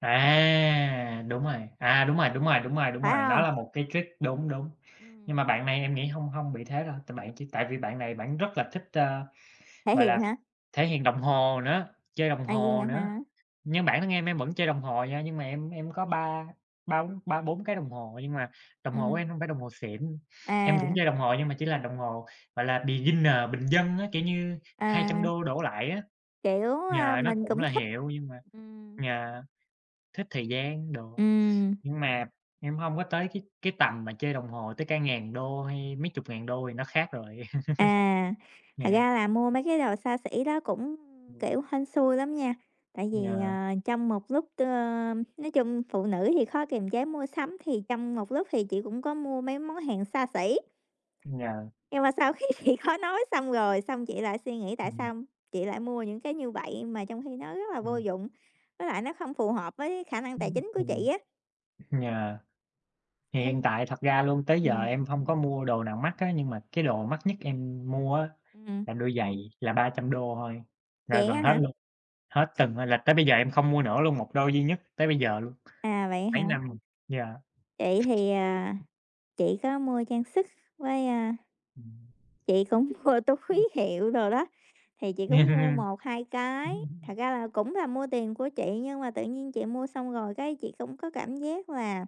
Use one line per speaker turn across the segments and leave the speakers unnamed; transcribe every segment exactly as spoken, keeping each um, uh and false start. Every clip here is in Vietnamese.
À, đúng rồi, à, đúng rồi, đúng rồi, đúng rồi, đúng
Phải
rồi, đó
hông?
là một cái trick đúng, đúng. Nhưng
Ừm.
mà bạn này em nghĩ hông hông bị thế đâu, tại bạn chỉ tại vì bạn này bạn rất là thích, ơ,
Thể
gọi là,
hiện hả?
thể hiện đồng hồ nữa, chơi đồng
À, vậy
hồ
hả
nữa.
hả?
Nhưng bản thân em em vẫn chơi đồng hồ nha, nhưng mà em em có ba ba bốn ba bốn cái đồng hồ, nhưng mà đồng hồ của em
Ừm.
hông phải đồng hồ xịn, em cũng
À.
chơi đồng hồ nhưng mà chỉ là đồng hồ, gọi là, beginner bình dân á, kiểu như hai trăm
À.
đô đổ lại á.
Kiểu, ơ,
Yeah, nó
mình
cũng
cũng
là
thích.
hiệu nhưng mà
Ừm.
yeah, thích thời gian đồ,
Ừm.
nhưng mà em hông có tới cái cái tầm mà chơi đồng hồ tới cả ngàn đô hay mấy chục ngàn đô thì nó khác rồi.
À, thật
Yeah.
ra là mua mấy cái đồ xa xỉ đó cũng,
Ừm.
kiểu, hên xui lắm nha, tại vì,
Yeah.
ờ, trong một lúc, ờ nói chung phụ nữ thì khó kiềm chế mua sắm, thì trong một lúc thì chị cũng có mua mấy món hàng xa xỉ.
Yeah.
Nhưng mà sau khi chị khó nói xong rồi, xong chị lại suy nghĩ tại
Ừm.
sao chị lại mua những cái như vậy, mà trong khi nó rất là vô
Ừm.
dụng, với lại nó không phù hợp với khả năng tài
Ưm,
chính của
ừm.
chị á.
Yeah. Thì hiện tại thật ra luôn, tới giờ
Ừm.
em hông có mua đồ nào mắc á, nhưng mà cái đồ mắc nhất em mua á
Ừm.
là đôi giày là ba trăm đô thôi, là
Vậy
gần
á
hết
hả?
luôn, hết từng là tới bây giờ em không mua nữa luôn, một đôi duy nhất tới bây giờ luôn,
À, vậy
mấy
hả?
năm rồi, yeah.
Chị thì, à, chị có mua trang sức với, a,
Ừm,
chị cũng mua
ưm.
túi hiệu đồ đó, thì chị cũng mua một hai cái, thật ra là cũng là mua tiền của chị, nhưng mà tự nhiên chị mua xong rồi cái chị cũng có cảm giác là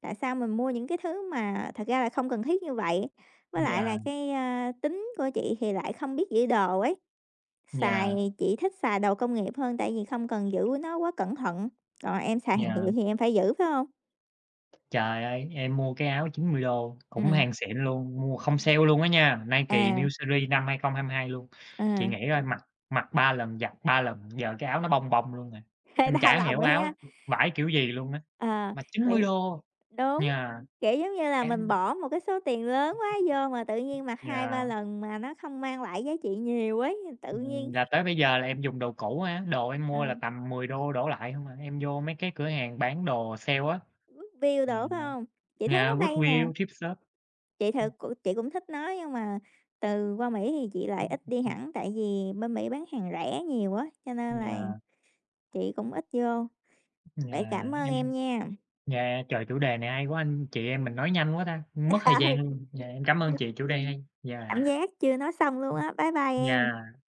tại sao mình mua những cái thứ mà thật ra là không cần thiết như vậy? Với lại
Yeah.
là cái, a, tính của chị thì lại không biết giữ đồ ấy, xài
Yeah.
thì chị thích xài đồ công nghiệp hơn tại vì không cần giữ nó quá cẩn thận, còn em xài hàng
Yeah.
hiệu thì em phải giữ, phải hông?
Trời ơi, em mua cái áo chín mươi đô cũng
Ừm.
hàng xịn luôn, mua không sale luôn á nha, Nike
À.
New series năm hai không hai hai luôn, chị
Ờ.
nghĩ coi mặc mặc ba lần, giặt ba lần, giờ cái áo nó bông bông luôn rồi,
Hơi
em
đau
chả
lòng
hiểu
á
áo
hén.
vải kiểu gì luôn á,
Ờ,
mà chín mươi
vậy
đô,
đúng,
yeah.
kiểu, giống như là, mình
Em
bỏ một cái số tiền lớn quá vô mà tự nhiên mặc hai ba
Yeah.
lần mà nó không mang lại giá trị nhiều ấy, tự
Ừm,
nhiên
là tới bây giờ là em dùng đồ cũ á, đồ em
Ờ.
mua là tầm mười đô đổ lại hông à, em vô mấy cái cửa hàng bán đồ sale á.
Goodwill
Yeah,
đồ phải hông? Chị thấy
yeah
nó hay mà.
Goodwill, thrift shop,
Chị
ừm.
thật c chị cũng thích nó nhưng mà từ qua Mỹ thì chị lại ít đi
[unintelligible]
hẳn, tại vì bên Mỹ bán hàng rẻ nhiều á cho nên là
Yeah.
chị cũng ít vô,
Yeah,
vậy cảm ơn em
em
nha.
yeah, trời, chủ đề này hay quá, anh chị em mình nói nhanh quá ta, mất thời gian
Ừ.
luôn. Dạ, em cảm ơn chị, chủ đề hay,
Cảm
yeah.
giác chưa nói xong luôn
Ừm,
á. Bye bye em.
yeah.